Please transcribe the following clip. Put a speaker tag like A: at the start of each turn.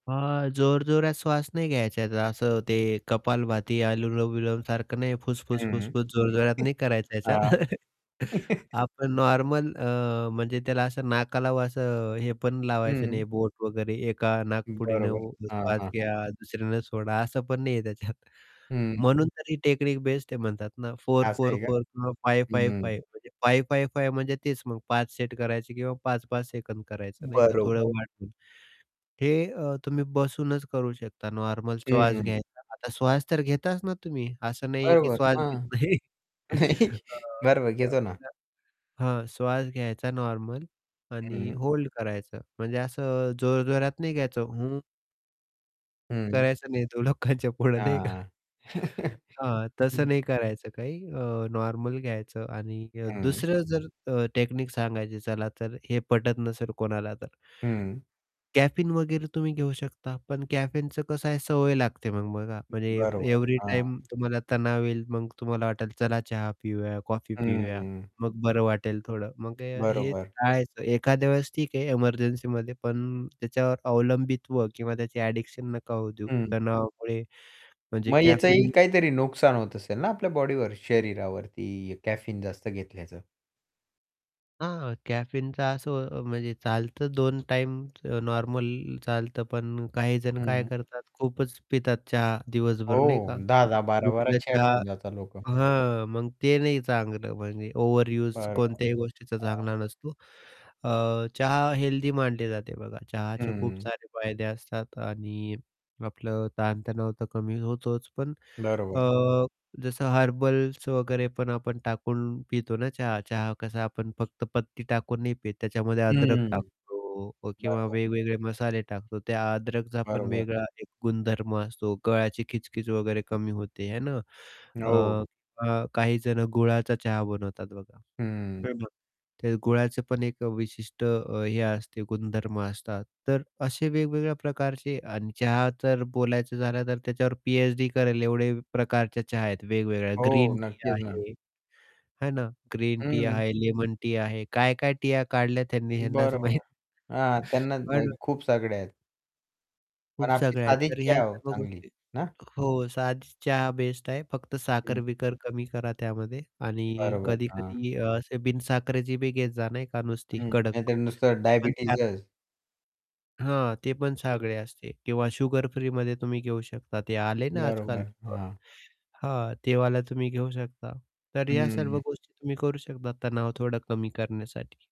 A: हां, जोरजोरात श्वास नाही घ्यायचा असं ते कपालभाती आनुलोम-विलमसारखं नाही
B: हं.
A: फुसफुस-फुसफुस जोरजोरात नाही करायचं ह्याच्यात
B: हां.
A: आपण नॉर्मल अ, म्हणजे त्याला असं नाकाला असं हे पण लावायचं
B: हं.
A: नाही बोट वगैरे एका नाकपुडीनं
B: बरोबर. हां,
A: श्वास
B: हां, हां.
A: घ्या, दुसऱ्यानं सोडा असं पण नाही आहे त्याच्यात,
B: हं.
A: म्हणून तर टेक्निक बेस्ट आहे म्हणतात ना फोर
B: असं
A: फोर
B: आहे का?
A: फोर फोर फाईव फाईव
B: हं.
A: फाईव 5, 5, 5 म्हणजे तेच मग 5 सेट करायचे किंवा 5-5 सेकंद करायचं नाही का? थोडं
B: बरोबर.
A: वाढून. हे अ, तुम्ही बसूनच करू शकता नॉर्मल श्वास
B: हं.
A: घ्यायचा. आता श्वास तर घेताच ना तुम्ही. असं नाही आहे, की
B: बरोबर.
A: श्वास घेत
B: हां.
A: नाही.
B: नाही बरं, बरं घेतो ना.
A: [unintelligible] हां, श्वास घ्यायचा नॉर्मल आणि
B: हं.
A: होल्ड करायचं म्हणजे असं जोरजोरात नाही घ्यायचं हं
B: हं.
A: करायचं नाहीत लोकांच्यापुढे नाही का?
B: हां.
A: हां, तसं
B: हं.
A: नाही करायचं काही अ, नॉर्मल घ्यायचं आणि अ,
B: हं.
A: दुसरं जर अ, टेकनीक सांगायचं झालं तर, हे पटत नसेल कोणाला तर.
B: हं.
A: कॅफीन वगैरे तुम्ही घेऊ शकता. पण कॅफीनचं कसं आहे सवय लागते मग. बघा म्हणजे
B: बरोबर,
A: एव्हरी
B: हां.
A: टाईम तुम्हाला तणाव येईल मग तुम्हाला वाटेल चला चहा पिऊया, कॉफी
B: हं,
A: पिऊया,
B: हं.
A: मग बरं वाटेल थोडं. मग हे
B: बरोबर.
A: टाळायचं एखाद्या वेळेस ठीक आहे. एमर्जन्सीमध्ये, पण त्याच्यावर अवलंबित्व किंवा त्याची ॲडिक्शन नका होऊ देऊ
B: हं.
A: तणावामुळे म्हणजे
B: मग याचाही
A: कॅफीन
B: काहीतरी नुकसान होत
A: [unintelligible]
B: असेल ना आपल्या बॉडीवर? शरीरावरती कॅफीन जास्त घेतल्याचं.
A: हां, कॅफीनचा असं म्हणजे चालतं 2 टाईम नॉर्मल चालतं, पण काहीजण काय
B: हं.
A: करतात, खूपच पितात चहा दिवसभर
B: हो
A: नाही का.
B: 10-10 12-12
A: उठलं
B: चहा
A: चहा
B: पिऊन जातात लोकं.
A: हां, मग ते नाही चांगलं. म्हणजे ओव्हरयूज
B: बरं.
A: कोणत्याही गोष्टीचा
B: हां.
A: चांगला नसतो. अ, चहा हेल्दी मानली जाते बघा. चहाचे खूप
B: हं.
A: सारे फायदे असतात आणि आपलं ताणतणाव तर कमी होतोच पण अ,
B: बरोबर.
A: जसं हर्बल्स वगैरे पण आपण टाकून पितो ना चहा चहा कसा आपण फक्त पत्ती टाकून नाही पीत त्याच्यामध्ये अद्रक
B: हं.
A: टाकतो किंवा
B: बरोबर.
A: वेगवेगळे मसाले टाकतो, त्या अद्रकचा पण
B: बरोबर.
A: वेगळा एक गुणधर्म असतो, गळाची खिचखिच वगैरे कमी होते है ना. अ,
B: हो.
A: अ, काहीजण गुळाचा चहा बनवतात बघा
B: हं.
A: [unintelligible] ते गुळाचे पण एक विशिष्ट अ, हे असते गुणधर्म असतात. तर असे वेगवेगळ्या प्रकारचे अन चहा तर बोलायचं झालं तर त्याच्यावर पी-एच-डी करेल एवढे प्रकारच्या चहा आहेत वेगवेगळ्या
B: हो,
A: ग्रीन टी
B: नक्कीच ना.
A: आहे. है ना? ग्रीन टी
B: हं.
A: आहे, लेमन टी आहे, काय-काय टीया काढल्या त्यांनी ह्यांनाच माहीत.
B: बरोबर. हां, त्यांना
A: हां
B: अ,
A: ना.
B: खूप सगळे आहेत.
A: खूप
B: पण आपली
A: सगळ्या आहेत.
B: साधीच
A: तर ह्या
B: चहा हो,
A: सर्व
B: चांगली
A: गोष्टी
B: ना?
A: हो, साधीच चहा बेस्ट आहे. फक्त
B: हं.
A: साखर-बिकर कमी करा त्यामध्ये आणि
B: बरोबर हां.
A: कधी-कधी असे बिन-साखरेची बी घेत जा नाही का नुसती
B: हं,
A: कडक
B: नाही तर नुसतं
A: ते पण छान आहे.
B: डायबिटीजच.
A: हां, ते पण सगळे असते किंवा शुगर फ्रीमध्ये तुम्ही घेऊ शकता, ते आले ना आज-काल,
B: बरोबर हां.
A: हां, ते वाला तुम्ही घेऊ शकता. तर ह्या सर्व
B: हं.
A: गोष्टी तुम्ही करू शकता तणाव थोडा कमी करण्यासाठी.